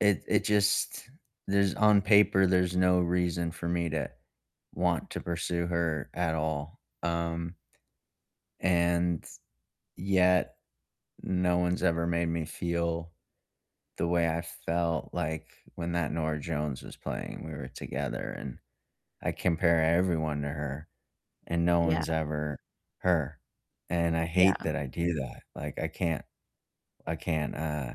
It it just there's on paper, there's no reason for me to want to pursue her at all, um and, yet no one's ever made me feel the way I felt like when that Norah Jones was playing, we were together and I compare everyone to her, and no Yeah. one's ever her, and I hate Yeah. that I do that, like, I can't I can't, uh,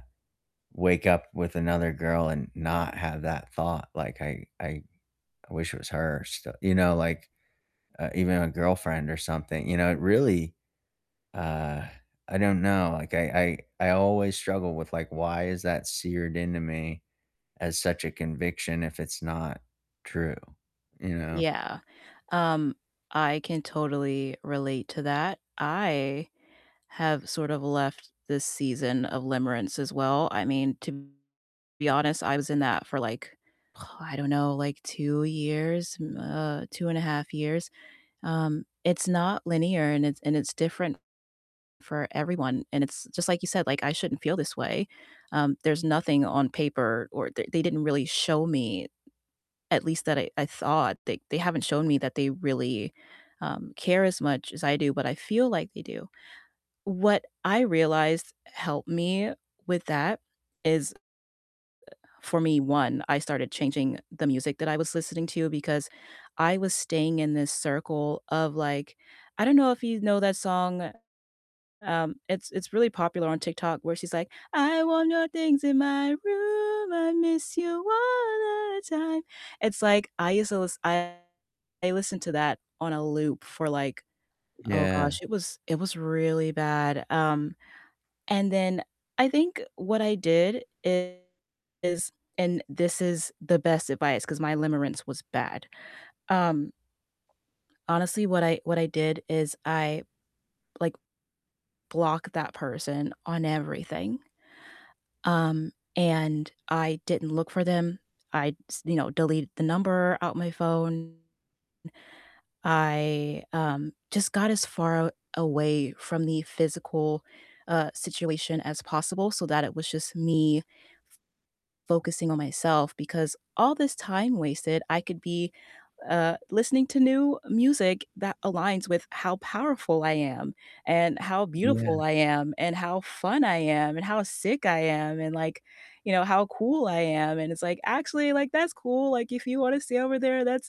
wake up with another girl and not have that thought- like, I I I wish it was her still you know, like, uh even a girlfriend or something, you know, it really, uh I don't know, like, I I I always struggle with, like, "why is that seared into me?" as such a conviction if it's not true, you know? Yeah. Um, I can totally relate to that, I have sort of left this season of limerence as well, I mean, to be honest, I was in that for like oh, I don't know, like 2 years, mm uh, 2 and a 1/2 years, um, it's not linear and it's and it's different for everyone, and it's just like you said, like, I shouldn't feel this way, um, there's nothing on paper or th they didn't really show me, at least that I I thought, they they haven't shown me that they really, um, care as much as I do, but I feel like they do. What I realized helped me with that is, uh, for me, 1,, I started changing the music that I was listening to- because I was staying in this circle of like I don't know if you know that song, um, it's it's really popular on TikTok where she's like, "I want your things in my room, I miss you all the time," it's like, I used to lis I listened to that on a loop for like oh Yeah. gosh, it was it was really bad- um, and then I think what I did is- and this is the best advice 'cause my limerence was bad, um, honestly, what I what I did is I like block that person on everything, um, and I didn't look for them, I s you know, deleted the number out my phone; I, um, just got as far aw away from the physical, uh, situation as possible so that it was just me f focusing on myself, because all this time wasted, I could be, uh, listening to new music that aligns with how powerful I am, and how beautiful Yeah. I am, and how fun I am, and how sick I am, and like, you know, how cool I am, and it's like, "Actually, like, that's cool, like, if you wanna stay over there, that's"